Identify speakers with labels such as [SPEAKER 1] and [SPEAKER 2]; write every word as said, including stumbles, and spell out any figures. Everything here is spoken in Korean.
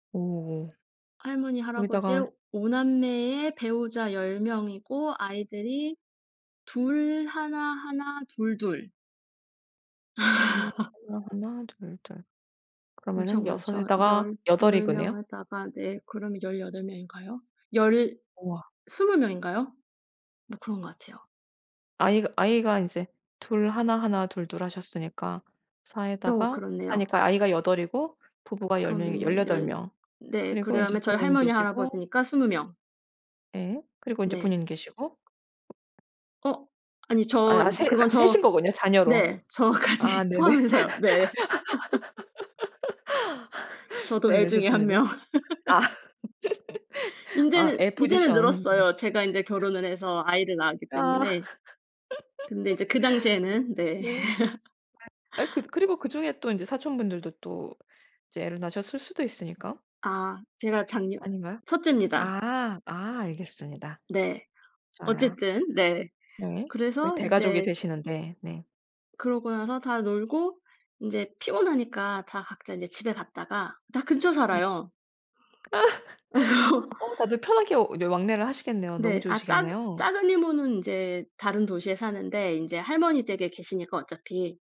[SPEAKER 1] 어.
[SPEAKER 2] 할머니,
[SPEAKER 1] 거기다가
[SPEAKER 2] 할아버지의 오 남매의 배우자, 열 명이고, 아이들이 둘, 하나, 하나, 둘, 둘.
[SPEAKER 1] 둘, 하나, 하나, 둘, 둘.
[SPEAKER 2] 엄청
[SPEAKER 1] 그러면은 여섯
[SPEAKER 2] 많죠.
[SPEAKER 1] 에다가, 여덟 인
[SPEAKER 2] 열두
[SPEAKER 1] 거네요?
[SPEAKER 2] 명에다가 네. 그러면 열여덟 명인가요? 열
[SPEAKER 1] 우와.
[SPEAKER 2] 스무 명인가요? 뭐 그런 것 같아요.
[SPEAKER 1] 아이가 아이가 이제 둘, 하나, 하나, 둘, 둘 하셨으니까 사
[SPEAKER 2] 어
[SPEAKER 1] 에다가 사
[SPEAKER 2] 그렇네요.
[SPEAKER 1] 니까 아이가 여덟이고 부부가 열 명이
[SPEAKER 2] 그러면은
[SPEAKER 1] 열여덟
[SPEAKER 2] 열
[SPEAKER 1] 명.
[SPEAKER 2] 네
[SPEAKER 1] 그리고 이제
[SPEAKER 2] 그다음에 저희
[SPEAKER 1] 본인
[SPEAKER 2] 할머니,
[SPEAKER 1] 계시고.
[SPEAKER 2] 할아버지니까 스무 명.
[SPEAKER 1] 예. 그리고 이제
[SPEAKER 2] 네.
[SPEAKER 1] 본인 계시고.
[SPEAKER 2] 어? 아니
[SPEAKER 1] 아
[SPEAKER 2] 저
[SPEAKER 1] 약간
[SPEAKER 2] 인제
[SPEAKER 1] 세
[SPEAKER 2] 그건
[SPEAKER 1] 같이 세신
[SPEAKER 2] 저
[SPEAKER 1] 거군요, 자녀로.
[SPEAKER 2] 네
[SPEAKER 1] 아
[SPEAKER 2] 저까지
[SPEAKER 1] 네네.
[SPEAKER 2] 포함해서요. 네. 저도 애
[SPEAKER 1] 네네.
[SPEAKER 2] 중에 한
[SPEAKER 1] 좋습니다.
[SPEAKER 2] 명.
[SPEAKER 1] 아. 아
[SPEAKER 2] 인제는
[SPEAKER 1] 애
[SPEAKER 2] 이제는
[SPEAKER 1] 포지션. 네.
[SPEAKER 2] 늘었어요, 제가 인제 결혼을 해서 아이를 낳았기
[SPEAKER 1] 아.
[SPEAKER 2] 때문에. 근데 이제 그 당시에는 네.
[SPEAKER 1] 네. 네. 아 그래 그리고 그중에 또 이제 사촌분들도 또 이제 애를 낳으셨을 수도 있으니까.
[SPEAKER 2] 아. 제가 장녀
[SPEAKER 1] 아닌가요?
[SPEAKER 2] 첫째입니다.
[SPEAKER 1] 아. 아 알겠습니다.
[SPEAKER 2] 네.
[SPEAKER 1] 좋아요.
[SPEAKER 2] 어쨌든 네.
[SPEAKER 1] 네. 그
[SPEAKER 2] 그래서
[SPEAKER 1] 대가족이
[SPEAKER 2] 이제
[SPEAKER 1] 되시는데. 네.
[SPEAKER 2] 그러고 나서 다 놀고 인제 피곤하니까 다 각자 이제 집에 갔다가 다 근처
[SPEAKER 1] 네.
[SPEAKER 2] 살아요. 그래서
[SPEAKER 1] 어 다들 편하게 이제 왕래를 하시겠네요. 너무
[SPEAKER 2] 네. 아 작
[SPEAKER 1] 좋으시겠네요.
[SPEAKER 2] 작은 이모는 이제 다른 도시에 사는데 인제 할머니 댁에 계시니까, 어차피.